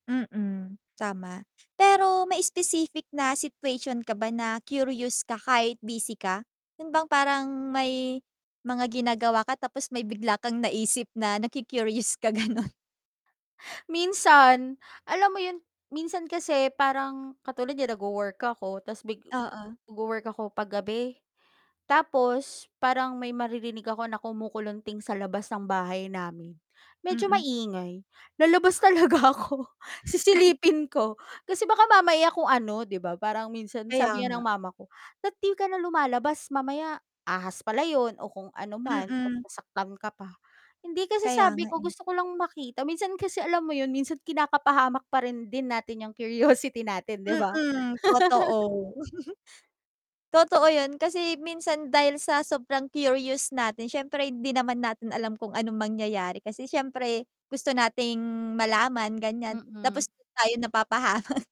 Mm, tama. Pero may specific na situation ka ba na curious ka kahit busy ka, yun bang parang may mga ginagawa ka tapos may bigla kang naisip na naku-curious ka gano'n? Minsan. Alam mo yun, minsan kasi parang katulad niyan nag-wo-work ako tapos bigla Oo. nag-wo-work ako 'pag gabi, tapos parang may maririnig ako na kumukulunting sa labas ng bahay namin, medyo Mm. maingay lalabas talaga ako sisilipin ko, kasi baka mamaya kung ano 'di ba, parang minsan Kaya sabi nga nga. ng mama ko, "Dapat 'di ka na lumalabas mamaya ahas pala yun o kung ano man, ta's Mm. nasaktan ka pa." Hindi kasi Kaya sabi nga ko eh. gusto ko lang makita, minsan kasi alam mo yun minsan kinakapahamak pa rin din natin yung curiosity natin, 'di ba? Mm, totoo. Totoo yun kasi minsan dahil sa sobrang curious natin, siyempre hindi naman natin alam kung anong mangyayari kasi syempre gusto nating malaman gan'yan, Mm. tapos tayo napapahama